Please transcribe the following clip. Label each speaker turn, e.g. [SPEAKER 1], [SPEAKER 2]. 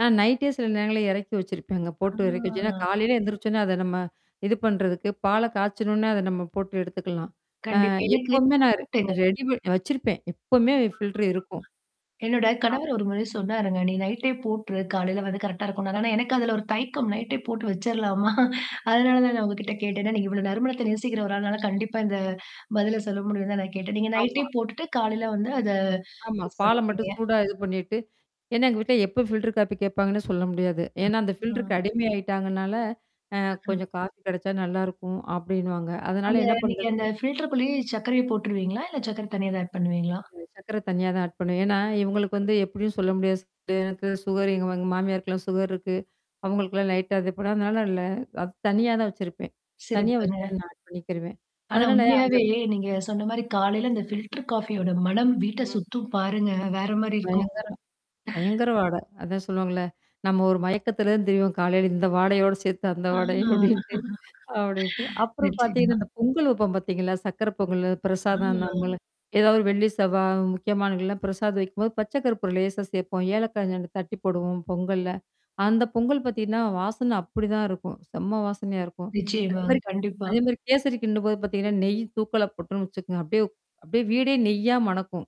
[SPEAKER 1] நான் நைட்டே சில நேரங்கள இறக்கி வச்சிருப்பேங்க
[SPEAKER 2] ஆ.
[SPEAKER 1] போட்டு இறக்கி வச்சோனா காலையில எந்திரிச்சோனா, அத நம்ம இது பண்றதுக்கு, பால்ல காய்ச்சனோன்ன அத நம்ம போட்டு எடுத்துக்கலாம். அ
[SPEAKER 2] கண்டிப்பா. எனக்கு
[SPEAKER 1] எப்பவுமே நான் ர
[SPEAKER 2] டவுட்டுங்க.
[SPEAKER 1] ரெடி பண் வச்சிருப்பேன். எப்பவுமே ஃபில்டர் இருக்கும்.
[SPEAKER 2] [unintelligible] என்னோட
[SPEAKER 1] ஆம்.
[SPEAKER 2] கணவர் ஒரு முறை சொன்னாருங்க. நீ நைட்டே போட்டுரு, காலையில வந்து கரெக்டா இருக்கும்னா. ஆனா, எனக்கு அதுல ஒரு தையக்கம் நைட்டே போட்டு வச்சர்லாமா. அதனால தான் நான் உங்ககிட்ட கேட்டே. ஏன்னா நீங்க இவ்வளோ நறுமணத்த நேசிக்கிற ஒரு ஆள்னால கண்டிப்பா இந்த பதில சொல்ல முடியும் தான் நான் கேட்டேன். நீங்க
[SPEAKER 1] ஆமா.
[SPEAKER 2] நைட்டே போட்டுட்டு காலையில வந்து அத
[SPEAKER 1] ஆமா.
[SPEAKER 2] யூஸ்
[SPEAKER 1] பால்ல
[SPEAKER 2] பண்ணிப்பீங்க.
[SPEAKER 1] மட்டும் சூடா இது பண்ணிட்டு. ஏன்னா எங்க வீட்ல எப்ப ஃபில்டர் காப்பி கேட்பாங்கன்னு சொல்ல முடியாது. ஏன்னா, அந்த
[SPEAKER 2] ம்.
[SPEAKER 1] ஃபில்டர் அடிமை ஆயிட்டாங்கனால. அ கொஞ்சம் காஃபி கிடைச்சா நல்லாயிருக்கும் அப்டின்னுவாங்க. அதனால
[SPEAKER 2] அந்த
[SPEAKER 1] என்ன
[SPEAKER 2] நீங்க
[SPEAKER 1] பண்றது?
[SPEAKER 2] அந்த ஃபில்டர் குள்ளயே சர்க்கரைய போட்டுருவீங்களா? இல்ல சர்க்கர தனியா தான் ஆட் பண்ணுவீங்களா?
[SPEAKER 1] சர்க்கரை தனியா தான் ஆட் பண்ணுவ. ஏன்னா, இவங்களுக்கு வந்து எப்படியும் சொல்ல முடியாது எனக்கு சுகர் எங்க எங்க மாமியாருக்கல்லாம் சுகர் இருக்கு. அவங்களுக்கெல்லாம் லைட்டா அதுப்படதுனால இல்ல, அது தனியா தான் வச்சிருப்பேன். தனியா வச்சு
[SPEAKER 2] சிறப்புங்க.
[SPEAKER 1] நான் ஆ பண்ணிக்கிறுவேன்.
[SPEAKER 2] ஆனா
[SPEAKER 1] அதனால அந்த
[SPEAKER 2] உண்மையாவே நீங்க சொன்ன மாரி காலையில அந்த ஃபில்டர் காஃபியோட மணம் வீட்ட
[SPEAKER 1] ம்.
[SPEAKER 2] சுத்தும் பாருங்க. வேற மாரி இருக்கும்.
[SPEAKER 1] பயங்கரம். பயங்கர வாட. அதான் சொல்லுவாங்கள்ல. நம்ம ஒரு மயக்கத்துலருந்து திரிவோம் காலையில இந்த வாடையோட சேர்த்து அந்த
[SPEAKER 2] ஆ.
[SPEAKER 1] வாடையும் அப்படின்ட்டு. அப்படின்ட்டு. அப்புறம் பார்த்தீங்கன்னா,
[SPEAKER 2] நிச்சயமா.
[SPEAKER 1] இந்த பொங்கல் வைப்போம் பார்த்தீங்களா? சர்க்கர பொங்கல் பிரசாதம் நம்ம
[SPEAKER 2] ஆ.
[SPEAKER 1] ஏதாவது வெள்ளி செவ்வா முக்கியமானங்கள்லாம் பிரசாதம் வைக்கும்போது பச்ச கருப்பூற லேசா சேர்போம். ஏலக்கா [unintelligible] தட்டி போடுவோம் பொங்கல்ல. அந்த பொங்கல் பார்த்தீங்கன்னா வாசனை அப்படிதான் இருக்கும். செம்ம வாசனையா இருக்கும். அது
[SPEAKER 2] நிச்சயமாங்க.
[SPEAKER 1] மாரி
[SPEAKER 2] கண்டிப்பா.
[SPEAKER 1] அதே மாரி கேசரி கின்டும்போது பார்த்தீங்கன்னா, நெய் தூக்கலா போட்டன்னு வச்சுக்கோங்க. அப்டியே அப்டியியே வீடே நெய்யா மணக்கும்.